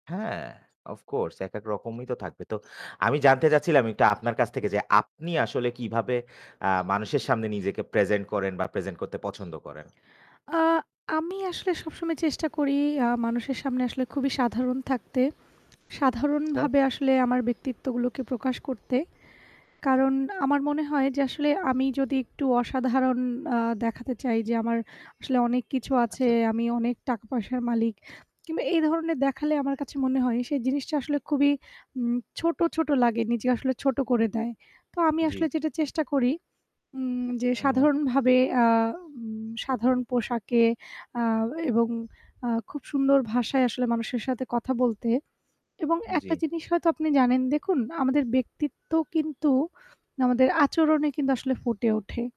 হ্যাঁ, অফকোর্স। এক, এক রকমই তো থাকবে। তো আমি জানতে চাচ্ছিলাম একটু আপনার কাছ থেকে যে আপনি আসলে কিভাবে আ মানুষের সামনে নিজেকে প্রেজেন্ট করেন বা প্রেজেন্ট করতে পছন্দ করেন? আ আমি আসলে সবসময় চেষ্টা করি আ মানুষের সামনে আসলে খুবই সাধারণ থাকতে। আচ্ছা। সাধারণভাবে আসলে আমার ব্যক্তিত্বগুলোকে প্রকাশ করতে। কারণ আমার মনে হয় যে আসলে আমি যদি একটু অসাধারণ আ দেখাতে চাই যে আমার আসলে অনেক কিছু আছে। আচ্ছা, আচ্ছা। আমি অনেক টাকা-পয়সার মালিক কিংবা এই ধরনের দেখালে আমার কাছে মনে হয় সেই জিনিসটা আসলে খুবই উম ছোট, ছোট লাগে নিজে আসলে ছোট করে দেয়। তো আমি আসলে জ্বী। যেটা চেষ্টা করি উম যে হুম, হুম। সাধারণভাবে আ উম সাধারণ পোশাকে আ এবং আ খুব সুন্দর ভাষায় আসলে মানুষের সাথে কথা বলতে। এবং একটা জ্বি। জিনিস হয়তো আপনি জানেন, দেখুন আমাদের ব্যক্তিত্ব কিন্তু আমাদের আচরণে কিন্তু আসলে ফুটে ওঠে।